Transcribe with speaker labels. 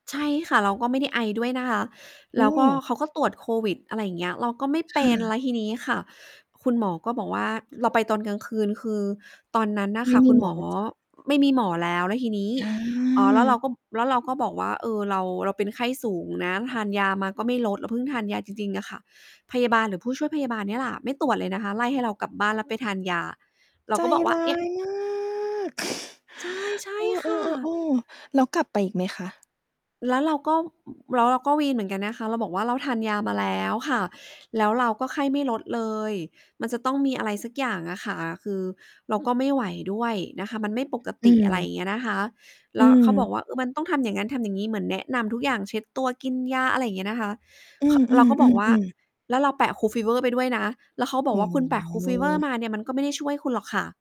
Speaker 1: ใช่ค่ะ เราก็ไม่ได้ไอด้วยนะคะ
Speaker 2: อื
Speaker 1: แล้วก็
Speaker 2: ม
Speaker 1: เขาก็ตรวจโควิด อะไรอย่างเงี้ย เราก็ไม่
Speaker 2: ค
Speaker 1: เป
Speaker 2: ่
Speaker 1: ็น แ
Speaker 2: ะ
Speaker 1: ล้วทีนี้ค่ะ คุณหมอก็บอกว่า เราไปตอนกลางคืน คือตอนนั้นน่
Speaker 2: ไ
Speaker 1: ะ
Speaker 2: ม
Speaker 1: ค
Speaker 2: ่
Speaker 1: ่ะ
Speaker 2: มี
Speaker 1: คุณ
Speaker 2: หม
Speaker 1: ห
Speaker 2: อ
Speaker 1: มอ
Speaker 2: ประจำ
Speaker 1: ไม่มีหมอแล้ว แล้วทีนี้
Speaker 2: อ
Speaker 1: อ๋อ แล้วเร
Speaker 2: า
Speaker 1: าก็ แล้วเราก็บอกว่า เออ เรา เราเป็นไข้สูงนะ ทานยามาก็ไม่ลด เราเพิ่งทานยาจริง ๆ อะค่ะ พยาบาลหรือผู้ช่วยพยาบาลเนี่ยแหละ ไม่ตรวจเลยนะคะ ไล่ให้เรากลับบ้านแล้วไปทานยา เรา
Speaker 2: ใจ
Speaker 1: ก็บอกว่
Speaker 2: ร
Speaker 1: า
Speaker 2: ้า
Speaker 1: เนี่ย
Speaker 2: ย มาก
Speaker 1: ใช่ ใช่
Speaker 2: เอ
Speaker 1: ค่
Speaker 2: อ
Speaker 1: ะ
Speaker 2: ๆ ๆ ๆ แล้วกลับไปอีกไหมคะ?
Speaker 1: แล้วเราก็ แล้วเราก็วีนเหมือนกันนะคะ เราบอกว่า เราทานยามาแล้วค่ะ แล้วเราก็ไข้ไม่ลดเลย มันจะต้องมีอะไรสักอย่างอะค่ะ คือเราก็ไม่ไหวด้วยนะคะ มันไม่ปก
Speaker 2: อ
Speaker 1: ต
Speaker 2: ื
Speaker 1: ิ อะไรอย
Speaker 2: ม
Speaker 1: ่างเงี้ยนะคะ แ
Speaker 2: อ
Speaker 1: ล
Speaker 2: ื
Speaker 1: ้วเข
Speaker 2: ม
Speaker 1: าบอกว่า มันต้องทำอย่างนั้นทำอย่างงี้ เหมือนแนะนำทุกอย่าง เช็ดตัว กินยา อะไรอย่างเงี้ยนะคะ
Speaker 2: อื
Speaker 1: ข เราก็บอก
Speaker 2: อ
Speaker 1: ว่า
Speaker 2: ๆ ๆ ๆ
Speaker 1: แล้วเราแปะ kool fever ไปด้วยนะ แล้วเขาบ
Speaker 2: โ
Speaker 1: อ
Speaker 2: อ
Speaker 1: ก
Speaker 2: ้
Speaker 1: ว่า
Speaker 2: โ
Speaker 1: คุณแปะ kool fever
Speaker 2: ฮ
Speaker 1: มาเนี่ย มันก็ไม่ได้ช่วยคุณหรอกค่ะ